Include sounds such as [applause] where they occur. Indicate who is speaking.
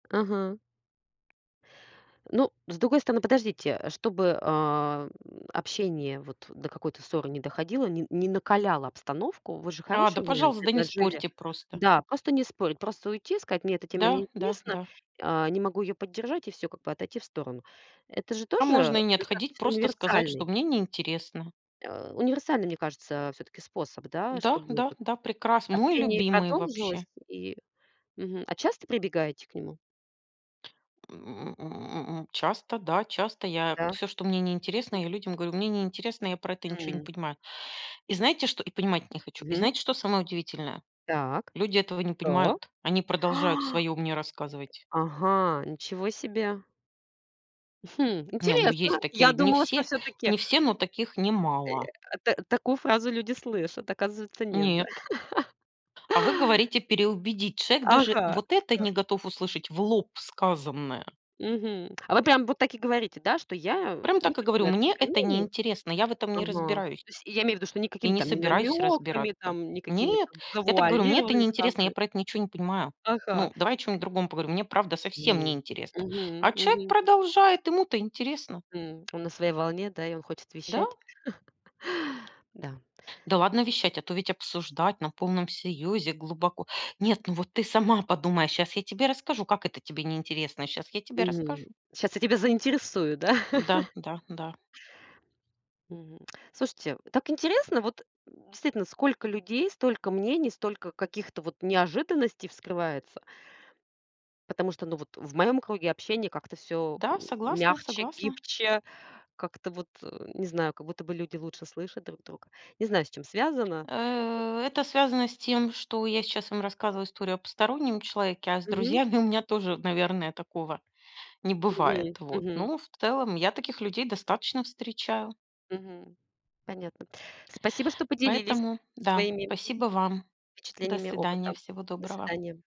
Speaker 1: Ага. Ну с другой стороны, подождите, э, чтобы, ам, общение вот до какой-то ссоры не доходило, не не накаляло обстановку. Вы же
Speaker 2: А, да
Speaker 1: хороший вариант
Speaker 2: пожалуйста, да не
Speaker 1: предложили.
Speaker 2: спорьте просто.
Speaker 1: Да, просто не спорить. Просто уйти, и сказать мне эта тема
Speaker 2: Да, да,
Speaker 1: неинтересна,
Speaker 2: да.
Speaker 1: а, не могу её поддержать и всё, как бы отойти в сторону. Это же
Speaker 2: А
Speaker 1: тоже, э,
Speaker 2: можно и не отходить,
Speaker 1: достаточно
Speaker 2: просто сказать, что
Speaker 1: универсальный
Speaker 2: мне неинтересно.
Speaker 1: а, универсальный, мне кажется, всё-таки способ, да,
Speaker 2: Да,
Speaker 1: чтобы
Speaker 2: да,
Speaker 1: вот
Speaker 2: да, прекрасно. Мой
Speaker 1: общение и
Speaker 2: любимый вообще.
Speaker 1: продолжилось и Мгм. А часто прибегаете к нему?
Speaker 2: М, м. Часто, да, часто я
Speaker 1: Да.
Speaker 2: всё, что мне неинтересно,
Speaker 1: М.
Speaker 2: я людям говорю, мне неинтересно, я про это ничего не
Speaker 1: М.
Speaker 2: понимаю. И знаете, что, и понимать не хочу. И
Speaker 1: Мгм.
Speaker 2: знаете, что самое удивительное?
Speaker 1: Так.
Speaker 2: Люди этого не
Speaker 1: Да.
Speaker 2: понимают, они продолжают своё мне рассказывать.
Speaker 1: Ага, ничего себе. Хм,
Speaker 2: Не, ну есть
Speaker 1: интересно.
Speaker 2: такие
Speaker 1: Я
Speaker 2: люди. Не
Speaker 1: думала, что
Speaker 2: все,
Speaker 1: всё-таки
Speaker 2: не все но таких
Speaker 1: Э,
Speaker 2: немало.
Speaker 1: я, а, та такую фразу люди слышат. Оказывается, нет, да.
Speaker 2: Нет.
Speaker 1: [chuckles]
Speaker 2: А вы говорите переубедить. Человек даже
Speaker 1: Ага.
Speaker 2: вот это
Speaker 1: Да.
Speaker 2: не готов услышать в лоб сказанное.
Speaker 1: Мгм. А вы прям вот так и говорите, да, что я, э,
Speaker 2: Прям
Speaker 1: не
Speaker 2: так и
Speaker 1: хочу
Speaker 2: говорю:
Speaker 1: на эту
Speaker 2: мне
Speaker 1: тему,
Speaker 2: это
Speaker 1: мне не
Speaker 2: неинтересно, я в этом не
Speaker 1: Ага.
Speaker 2: разбираюсь.
Speaker 1: То есть, и я имею в виду, что
Speaker 2: И
Speaker 1: никакими
Speaker 2: не
Speaker 1: там не
Speaker 2: собираюсь
Speaker 1: намёками,
Speaker 2: разбираться.
Speaker 1: там, никакими
Speaker 2: Нет,
Speaker 1: там
Speaker 2: я так и говорю, мне это
Speaker 1: завуалированными
Speaker 2: неинтересно, я
Speaker 1: фразами.
Speaker 2: про это ничего не понимаю.
Speaker 1: Ага.
Speaker 2: Ну, давай о чем-нибудь другом поговорим, мне правда совсем
Speaker 1: Мгм,
Speaker 2: неинтересно.
Speaker 1: мгм.
Speaker 2: А человек
Speaker 1: Мгм.
Speaker 2: продолжает, ему-то интересно.
Speaker 1: М. Он на своей волне, да? И он хочет
Speaker 2: Да.
Speaker 1: вещать? [laughs] Да.
Speaker 2: Да ладно вещать, а то ведь обсуждать на полном серьезе глубоко. "Нет, ну вот ты сама подумай, сейчас я тебе расскажу, как это тебе неинтересно, а сейчас я тебе расскажу".
Speaker 1: Мгм. Сейчас я тебя заинтересую, да.
Speaker 2: М-да,
Speaker 1: [chuckles]
Speaker 2: да, да.
Speaker 1: Мгм. Слушайте, так интересно. Вот, м, действительно, сколько людей, столько мнений, столько каких-то вот неожиданностей вскрывается. Потому что, ну, вот в моем круге общения как-то всё
Speaker 2: Да,
Speaker 1: м
Speaker 2: согласна,
Speaker 1: мягче,
Speaker 2: согласна.
Speaker 1: гибче. Как-то вот, э, не знаю, как будто бы люди лучше слышат друг друга. Не знаю, с чем связано.
Speaker 2: Э, это связано с тем, что я сейчас вам рассказываю историю о постороннем человеке, а с
Speaker 1: Мгм.
Speaker 2: друзьями у меня тоже, наверное, такого не бывает.
Speaker 1: Мгм,
Speaker 2: Вот,
Speaker 1: мгм.
Speaker 2: но в целом я таких людей достаточно встречаю.
Speaker 1: Мгм. Понятно. Спасибо, что поделились
Speaker 2: Поэтому, да,
Speaker 1: своими
Speaker 2: спасибо вам. До
Speaker 1: впечатлениями
Speaker 2: свидания.
Speaker 1: опытом.
Speaker 2: Всего
Speaker 1: До
Speaker 2: доброго.
Speaker 1: свидания.